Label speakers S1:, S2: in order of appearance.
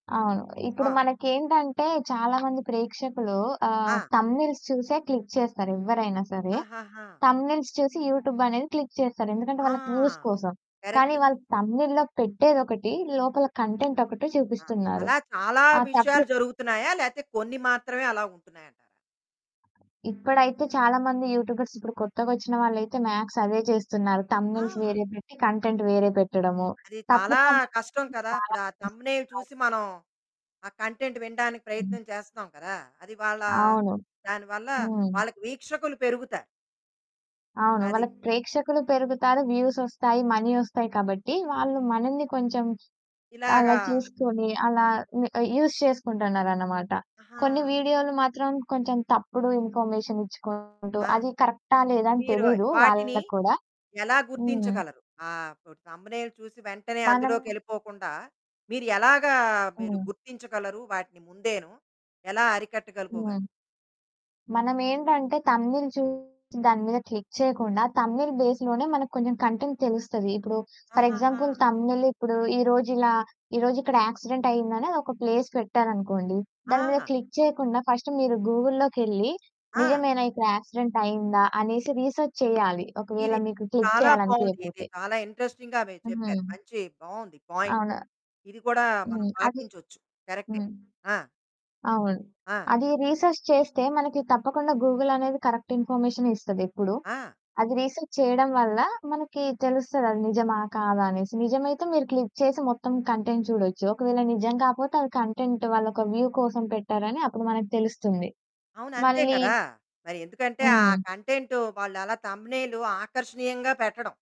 S1: అవును. ఇప్పుడు
S2: ఆ!
S1: మనకేంటంటే చాలా మంది ప్రేక్షకులు ఆహ్,
S2: ఆ!
S1: థంబ్‌నెయిల్స్ చూసే క్లిక్ చేస్తారు ఎవ్వరైనా సరే.
S2: ఆహహా!
S1: థంబ్‌నెయిల్స్ చూసి యూటూబ్ అనేది క్లిక్ చేస్తారు ఎందుకంటే
S2: ఆ!
S1: వాళ్ళకి వ్యూస్ కోసం. కానీ
S2: కరెక్టు.
S1: వాళ్ళు థంబ్‌నెయిల్‌లో పెట్టేదొకటి, లోపల కంటెంట్ ఒకటి
S2: ఆ!
S1: చూపిస్తున్నారు.
S2: అలా చాలా
S1: ఆ తప్పు
S2: విషయాలు జరుగుతున్నాయా? లేతే కొన్ని మాత్రమే అలా ఉంటున్నాయి అంటారా?
S1: ఇప్పుడైతే చాలా మంది యూటూబర్స్ ఇప్పుడు కొత్తగొచ్చిన వాళ్ళైతే మ్యాక్స్ అవే చేస్తున్నారు. థంబ్‌నెయిల్స్
S2: ఆ!
S1: వేరే పెట్టి కంటెంట్ వేరే పెట్టడము.
S2: అది
S1: తక్కువ
S2: చాలా కష్టం
S1: సమయంలోనే
S2: కదా!
S1: చాలా
S2: ఇప్పుడు ఆ
S1: వ్యూస్
S2: థంబ్‌నెయిల్
S1: వస్తున్నాయి.
S2: చూసి మనం, ఆ కంటెంట్ వినడానికి
S1: హ్మ్.
S2: ప్రయత్నం చేస్తాం కదా అది వాళ్ళ
S1: అవును.
S2: దానివల్ల
S1: హ్మ్.
S2: వాళ్ళకి వీక్షకులు పెరుగుతారు.
S1: అవును.
S2: అది.
S1: వాళ్ళకి ప్రేక్షకులు పెరుగుతారు, వ్యూసొస్తాయి, మనీ వస్తాయి కాబట్టి వాళ్ళు మనల్ని కొంచెం అలా
S2: ఇలాగా
S1: చూసుకొని అలా హ్మ్, యూజ్ చేసుకుంటున్నారనమాట. కొన్ని
S2: అహా!
S1: వీడియోలు మాత్రం కొంచెం తప్పుడు ఇన్ఫర్మేషన్ ఇచ్చుకుంటూ
S2: ఆ!
S1: అది కరెక్టా లేదా అని
S2: మీరు
S1: తెలీదు
S2: వాటిని
S1: వాళ్ళకు కూడా.
S2: ఎలా
S1: హ్మ్.
S2: గుర్తించగలరు ఆప్ థంబ్‌నెయిల్ చూసి వెంటనే
S1: మనం
S2: అందులోకెళ్ళిపోకుండా మీరు ఎలాగా మీరు
S1: హ్మ్.
S2: గుర్తించగలరు? వాటిని ముందేను ఎలా అరికట్టగలుకోగలరు?
S1: హ్మ్. మనమేంటంటే థంబ్‌నె‌యి‌ల్ చూసి దాని మీద క్లిక్ చేయకుండా థంబ్‌నె‌యి‌ల్ బేస్‌లోనే మనకు కొంచెం కంటెంట్ తెలుస్తది. ఇప్పుడు ఫర్
S2: ఆహహా!
S1: ఎగ్జాంపుల్ థంబ్‌నె‌యి‌ల్ ఇప్పుడు ఈరోజు ఇలా ఈరోజు ఇక్కడ యాక్సిడెంట్ అయ్యిందని ఒక ప్లేస్ పెట్టారనుకోండి, దాని మీద
S2: ఆ!
S1: క్లిక్ చేయకుండా ఫస్ట్ మీరు గూగుల్‌లోకెళ్లి
S2: ఆ!
S1: నిజమేనా ఇక్కడ యాక్సిడెంట్ అయిందా అనేసి రిసర్చ్ చేయాలి ఒకవేళ
S2: ఇది
S1: మీకు క్లిక్
S2: చాలా
S1: చేయాలి
S2: బావుంది. ఇది
S1: అనిపియకపోతే.
S2: చాలా ఇంట్రెస్టింగ్‌గా మీరు చెప్పారు.
S1: హ్మ్.
S2: మంచి బావుంది పాయింట్.
S1: అవును.
S2: ఇది గూడా మనం
S1: హ్మ్. అది
S2: పాటించొచ్చు. కరెక్టే
S1: హ్మ్.
S2: ఆ!
S1: అవును.
S2: ఆ!
S1: అది రిసర్చ్ చేస్తే మనకు తప్పకుండా గూగుల్ అనేది కరెక్ట్ ఇన్ఫర్మేషనే ఇస్తది ఎప్పుడు.
S2: ఆ!
S1: అది రిసర్చ్ చేయడం వల్ల మనకి తెలుస్తది అది నిజమా కాదా అనేసి నిజమైతే మీరు క్లిక్ చేసి మొత్తం కంటెంట్ చూడొచ్చు ఒకవేళ నిజం కాపోతే అది కంటెంట్ వాళ్లొక వ్యూ కోసం పెట్టారని అప్పుడు మనకు తెలుస్తుంది.
S2: అవును. అంతే
S1: మళ్ళీ
S2: కదా! మరి ఎందుకంటే ఆ
S1: హ్మ్.
S2: కంటెంట్ వాళ్ళు అలా థంబ్‌నెయిల్ ఆకర్షణీయంగా పెట్టడం.